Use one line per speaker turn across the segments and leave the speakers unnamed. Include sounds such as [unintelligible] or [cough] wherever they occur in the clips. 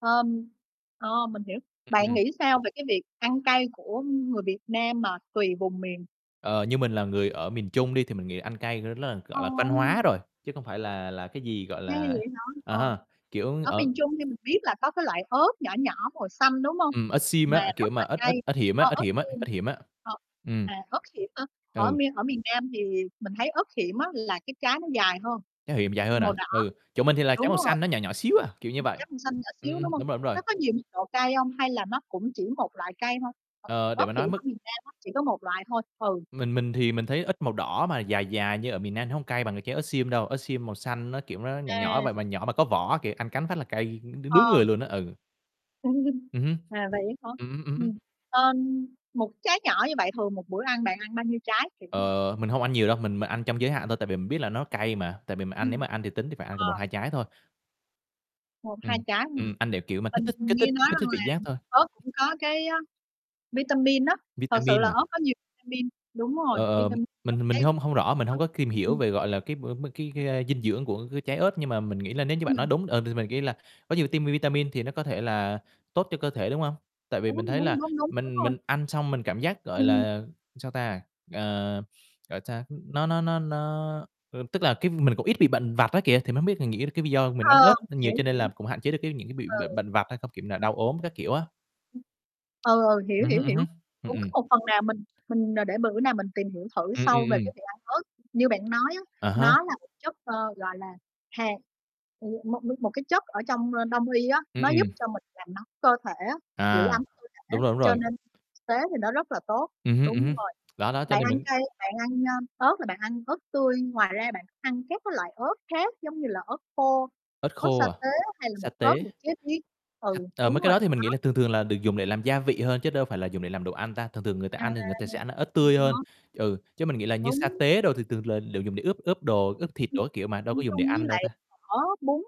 Ờm, ờ, mình hiểu. Bạn
Ừm.
nghĩ sao về cái việc ăn cay của người Việt Nam mà tùy vùng miền?
Ờ, như mình là người ở miền Trung đi, thì mình nghĩ là ăn cay r rất là, gọi là, văn hóa
Ờm.
rồi, chứ không phải là là cái gì, gọi
Hay
là
vậy hả?
ờ
Ờ,
ha, kiểu,
ở
ở
miền Trung thì mình biết là có cái loại ớt nhỏ nhỏ màu xanh, đúng hông?
Ừm, ớt xiêm
Mà
á, kiểu
rất
mà
là
ớt ớt
cay,
ớt hiểm á,
ơ
ớt
ớt
hiểm á,
sim
ớt hiểm á.
ờ,
Ừm.
mà ớt hiểm nữa, ở
Ừ.
miên ở miền Nam thì mình thấy ớt hiểm á là cái trái nó dài hơn,
Trái hiểm dài hơn
màu
à?
đỏ,
Ừ, chỗ mình thì là trái
đúng
màu
rồi.
xanh nó nhỏ nhỏ xíu à, kiểu như vậy.
Trái màu xanh nhỏ xíu, đúng
Ừm,
hông?
đúng rồi, đúng rồi.
Nó có nhiều mức độ cay hông hay là nó cũng chỉ một loại cay thôi,
Ờ, để
ớt
mà
hiểm
nói
ở
mức
miền Nam á nó chỉ có một loại thôi. Ừ.
Mình mình thì mình thấy ớt màu đỏ mà dài dài như ở miền Nam nó hông cay bằng trái ớt xiêm đâu, ớt xiêm màu xanh nó, kiểu, nó nhỏ nhỏ vậy
À.
mà mà nhỏ mà có võ á kìa, ăn cắn phát là cay đ
Ờ.
đứng người luôn á, ừ.
[chuckles]
Ừm hứm.
À, vậy hả?
Ừm hứm, ừm hứm.
Ừm, ờm, 1 trái nhỏ như vậy thường một bữa ăn bạn ăn bao nhiêu trái? Kiểu
Ờ, mình hông ăn nhiều đâu, mình m ăn trong giới hạn thôi, tại vì mình biết là nó cay mà, tại vì mà ăn nếu
Ừm,
mà ăn thì tính thì phải ăn cùng một
ờ.
hai trái thôi.
1, 2
Ừm,
trái ha.
ừm, ăn để kiểu mà kích
Mình
thích kích thích
nghe nói
kích thích
rằng
vị
là
giác thôi.
ớt cũng có cái á, vitamin á, thật sự là
Vitamin à?
ớt có nhiều vitamin. Đúng rồi,
Ờ, ờm,
vitamin trong
mình mình
cái
hông hông rõ, mình
ờ.
hông có kìm hiểu
Ừm.
về, gọi là, cái b b cái cái, a, dinh dưỡng của cái trái ớt, nhưng mà mình nghĩ là nếu như bạn nói
Ừm.
đúng, ờ, thì mình nghĩ là có nhiều tiêm vitamin thì nó có thể là tốt cho cơ thể, đúng hông? Tại vì
Đúng,
mình thấy là
đúng, đúng, đúng, đúng
mình
rồi.
mình ăn xong mình cảm giác, gọi
Ừm.
là, sao ta, ờ, sao, nó nó nó nó, ơ, tức là cái mình cũng ít bị bệnh vặt á kìa. Thì mình hông biết, mình nghĩ cái ví do mình ăn
Ờ,
ớt, ăn nhiều
hiểu,
cho nên
hiểu.
là cũng hạn chế được cái những cái bị
Ừ.
b bệnh vặt hay không, kiểu là,
Ừm.
đau ốm các kiểu á.
Ừ, ừ, hiểu,
Ừm hứm,
hiểu,
ừm
hiểu.
hứm, ừm,
Cũng
ừm.
có một phần nào mình mình để bữa nào mình tìm hiểu thử
Ừm, ừm,
sâu về cái
ừm.
việc ăn ớt. Như bạn nói á,
À há.
nó là một chất, ơ, gọi là, hàn, ừm, một nước một cái chất ở trong, ơ, đông y á,
Ừm,
nó
ừm.
giúp cho mình làm nóng cơ thể á, giữ
À,
ấm cơ thể,
đúng rồi, đúng
cho
rồi.
nên thực tế thì nó rất là tốt.
Ừm hứm, ừm
Đúng
hứm,
rồi,
đó, đó, cho
bạn
nên
ăn
mình
cay, bạn ăn, a, ớt là bạn ăn ớt tươi, ngoài ra bạn ăn các cái loại ớt khác giống như là ớt khô,
Ớt
ớt sa
khô à,
tế hay là
sa
bột ớt
tế.
được chế biến? Ừ,
À, mấy
đúng
cái
rồi,
đó thì mình
đó.
nghĩ là thường thường là được dùng để làm gia vị hơn chứ đâu phải là dùng để làm đồ ăn ta. Thường thường người ta
À.
ăn thì người ta sẽ ăn ớt tươi hơn,
[unintelligible]
ừ, chứ mình nghĩ là như sa
Đúng.
tế đồ thì thường là đều dùng để ướp ướp đồ, ướp thịt
Ừm,
đồ các kiểu mà, đâu có
ăn
dùng để
chung với
ăn đâu
lại
ta.
phở, bún,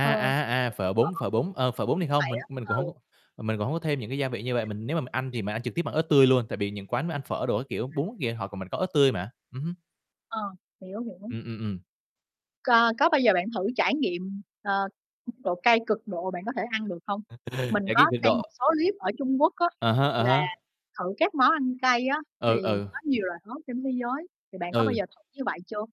ờ,
à, à, phở bún,
phở,
phở
bún,
bún, ờ, phở
kiểu
bún thì
như
hông,
vậy
mình
á,
mình cũng
ừ.
hông c mình cũng hông có thêm những cái gia vị như vậy. Mình nếu mà mình ăn thì mình ăn trực tiếp bằng ớt tươi luôn, tại vì những quán mà ăn phở đồ các kiểu bún kìa họ mình có ớt tươi mà. Ừm hứm.
Ờ, hiểu, hiểu.
Ừm, ừm, ừm.
C có bao giờ bạn thử trải nghiệm, ờ, độ cay cực độ bạn có thể ăn được hông?
[chuckles]
Mình có
[unintelligible] Cực
xem một
độ.
số clip ở Trung Quốc á,
À há,
là
à há.
thử các món ăn cay á, thì
Ừ, ừ.
có nhiều loại ớt trên thế giới, thì bạn có bao
Ừ.
giờ thử như vậy chưa?